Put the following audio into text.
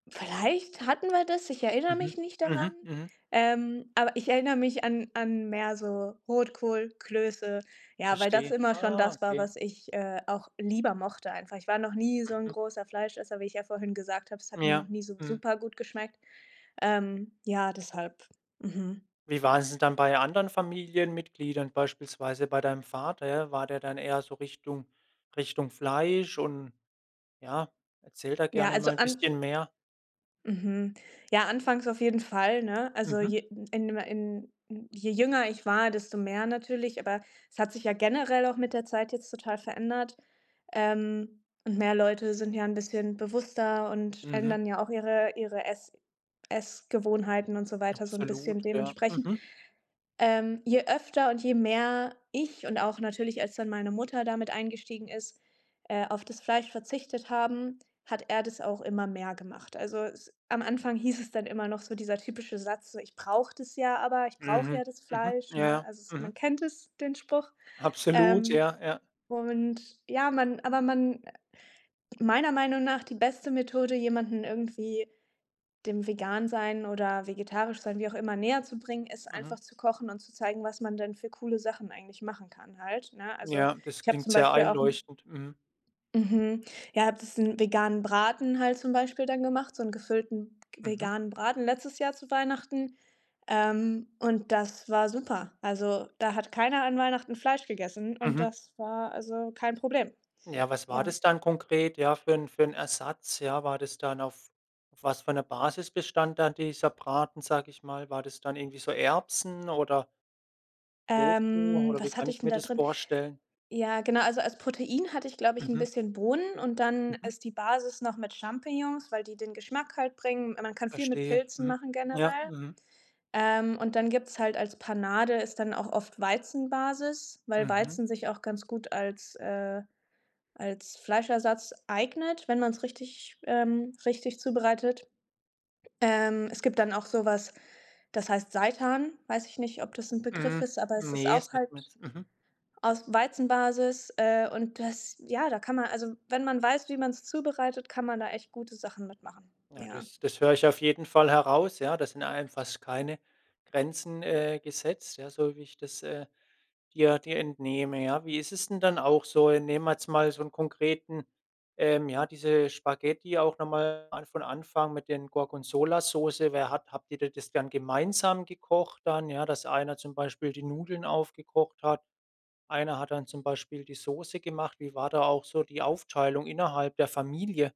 Vielleicht hatten wir das, ich erinnere Mhm. mich nicht daran. Mhm. Mhm. Ähm, aber ich erinnere mich an an mehr so Rotkohl, Klöße, ja, weil das Verstehe. immer schon Ah, das war, okay. was ich, äh, auch lieber mochte einfach. Ich war noch nie so 'n Mhm. großer Fleischesser- wie ich ja vorhin gesagt habe- es hat mir noch Ja. nie so Mhm. supergut geschmeckt. Ähm, ja, deshalb. Mhm. Wie war es denn dann bei anderen Familienmitgliedern, beispielsweise bei deinem Vater, ja? War der dann eher so Richtung Richtung Fleisch und ja, erzähl da Ja, gerne also mal ein an bisschen mehr. Mhm, ja, anfangs auf jeden Fall, ne? Also Mhm. je in ma in je jünger ich war, desto mehr natürlich, aber es hat sich ja generell auch mit der Zeit jetzt total verändert. Ähm, und mehr Leute sind ja 'n bisschen bewusster und Mhm. ändern ja auch ihre ihre Ess Essgewohnheiten und so weiter, so 'n bisschen Absolut, ja. dementsprechend. Mhm. Ähm, je öfter und je mehr ich und auch natürlich, als dann meine Mutter da mit eingestiegen ist äh, auf das Fleisch verzichtet haben, hat er das auch immer mehr gemacht. Also es am Anfang hieß es dann immer noch so, dieser typische Satz, so: „Ich brauche das ja, aber ich brauche ja Mhm. das Mhm. Fleisch“, Ja, ne? ja. Also, es Mhm. man kennt es, den Spruch. Absolut, ja, Ähm, ja. und ja, man aber man meiner Meinung nach die beste Methode, jemanden irgendwie dem Vegansein oder Vegetarischsein- wie auch immer- näherzubringen, ist Mhm. einfach, zu kochen und zu zeigen, was man denn für coole Sachen eigentlich machen kann halt, ne? Also, Ja, das ich hab klingt zum sehr Beispiel auch 'n einleuchtend. Mhm. Mhm, ja, habe das 'n veganen Braten halt zum Beispiel dann gemacht, so 'n gefüllten Mhm. veganen Braten letztes Jahr zu Weihnachten. Ähm, und das war super. Also, da hat keiner an Weihnachten Fleisch gegessen und Mhm. das war also kein Problem. Ja, was war Ja. das dann konkret, ja, für 'n für 'n Ersatz, ja? War das dann auf auf was für 'ner Basis bestand dann dieser Braten, sag ich mal? War das dann irgendwie so Erbsen, oder Tofu Ähm, oder wie was kann hatte ich ich denn mir da das drin? vorstellen? Ja, genau, also als Protein hatte ich, glaube ich, 'n Mhm. bisschen Bohnen und dann Mhm. ist die Basis noch mit Champignons, weil die den Geschmack halt bringen. Man kann viel mit Verstehe. Pilzen Mhm. machen Ja. generell. Mhm. Ähm, und dann gibt's halt als Panade ist dann auch oft Weizenbasis, weil Mhm. Weizen sich auch ganz gut als, äh als Fleischersatz eignet, wenn man's richtig, ähm richtig zubereitet. Ähm, es gibt dann auch so was, das heißt Seitan. Weiß ich nicht, ob das 'n Begriff Mhm. ist, aber es ist Ne, das auch halt sagt mir jetzt Mhm. aus Weizenbasis. Äh, und das, ja, da kann man also wenn man weiß, wie man's zubereitet, kann man da echt gute Sachen mit machen, Ja, ja. das das höre ich auf jeden Fall heraus, ja? Da sind einem fast keine Grenzen, äh, gesetzt, ja, so wie ich das, äh, dir dir entnehme. Ja, wie ist es denn dann auch so? Nehmen wir jetzt mal so 'n konkreten ähm, ja, diese Spaghetti auch noch mal an von Anfang mit den Gorgonzola-Soße. Wer hat habt ihr das dann gemeinsam gekocht dann? Dass einer zum Beispiel die Nudeln aufgekocht hat, einer hat dann zum Beispiel die Soße gemacht? Wie war da auch so die Aufteilung innerhalb der Familie?